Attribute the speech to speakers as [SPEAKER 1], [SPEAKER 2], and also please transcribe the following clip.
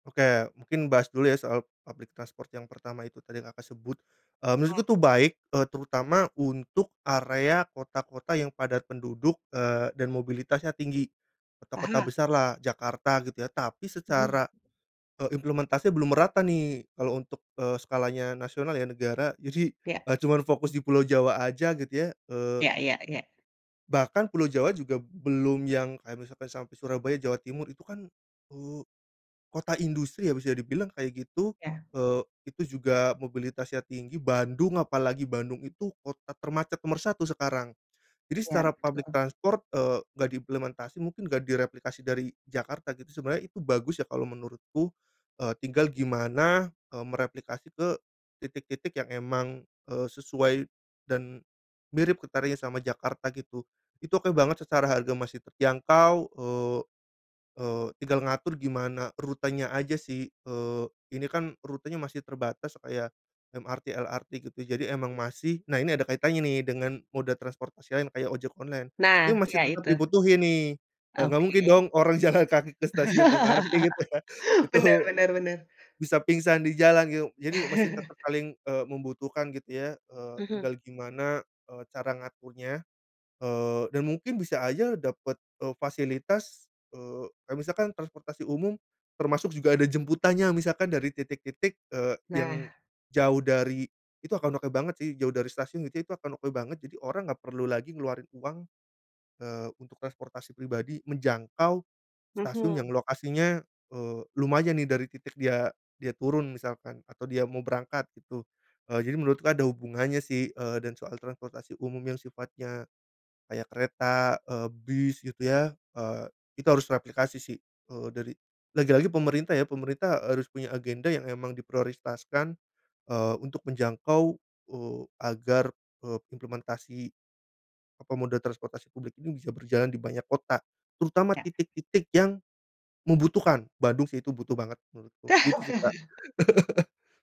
[SPEAKER 1] Oke mungkin bahas dulu ya soal public transport yang pertama itu tadi yang Kakak aku sebut. Eee, menurutku
[SPEAKER 2] Oh.
[SPEAKER 1] tuh baik terutama untuk area kota-kota yang padat penduduk, eee, dan mobilitasnya tinggi. Kota-kota
[SPEAKER 2] Mhm.
[SPEAKER 1] besar lah Jakarta gitu ya. Tapi
[SPEAKER 2] Mhm.
[SPEAKER 1] secara, eee, implementasi belum merata nih kalau untuk, eee, skalanya nasional ya negara jadi
[SPEAKER 2] Iya.
[SPEAKER 1] gak cuma fokus di Pulau Jawa aja gitu ya, eee
[SPEAKER 2] Iya iya iya.
[SPEAKER 1] Bahkan Pulau Jawa juga belum yang kayak misalkan sampai Surabaya, Jawa Timur itu kan, eee, kota industri habis ya dibilang kayak gitu
[SPEAKER 2] Iya.
[SPEAKER 1] itu, eee, juga mobilitasnya tinggi. Bandung, apalagi Bandung itu kota termacet nomor 1 sekarang, jadi
[SPEAKER 2] Iya
[SPEAKER 1] secara public
[SPEAKER 2] betul.
[SPEAKER 1] transport, eee, gak diimplementasi, mungkin gak direplikasi dari Jakarta sebenernya itu bagus ya kalo menurutku, eee, tinggal gimana, eee, mereplikasi ke titik-titik yang emang, eee, sesuai dan mirip ketarnya sama Jakarta gitu. Itu oke banget, secara harga masih terjangkau, eee eee, tinggal ngatur gimana rutenya aja sih, eee, ini kan rutenya masih terbatas kayak MRT, LRT gitu jadi emang masih nah ini ada kaitannya nih dengan moda transportasi lain kayak ojek online, ini
[SPEAKER 2] Nah iya
[SPEAKER 1] masih tetep
[SPEAKER 2] itu.
[SPEAKER 1] dibutuhin nih. Eee, gak
[SPEAKER 2] Oke.
[SPEAKER 1] mungkin dong orang jalan kaki ke stasiun MRT gitu ya. Itu
[SPEAKER 2] Bener bener -bener.
[SPEAKER 1] bisa pingsan di jalan gitu, jadi masih tetep saling, eee, membutuhkan gitu ya. Eee,
[SPEAKER 2] Mhm.
[SPEAKER 1] tinggal gimana, eee, cara ngaturnya, eee, dan mungkin bisa aja dapet, eee, fasilitas, eee kaya misalkan transportasi umum termasuk juga ada jemputannya misalkan dari titik-titik, eee, yang
[SPEAKER 2] Nah.
[SPEAKER 1] jauh dari itu akan oke banget sih, jauh dari stasiun gitu itu akan oke banget, jadi orang gak perlu lagi ngeluarin uang, eee, untuk transportasi pribadi menjangkau stasiun yang
[SPEAKER 2] Mhm.
[SPEAKER 1] lokasinya, eee, lumayan nih dari titik dia dia turun misalkan atau dia mau berangkat gitu, eee, jadi menurutku ada hubungannya sih, eee, dan soal transportasi umum yang sifatnya kayak kereta, eee, bis gitu ya, eee, itu harus replikasi sih, eee, dari lagi-lagi pemerintah ya, pemerintah harus punya agenda yang memang diprioritaskan, eee, untuk menjangkau, eee, agar, eee, implementasi, apa, moda transportasi publik ini bisa berjalan di banyak kota, terutama
[SPEAKER 2] Iya.
[SPEAKER 1] titik-titik yang membutuhkan. Bandung sih itu butuh banget menurutku, gitu sih, Kak.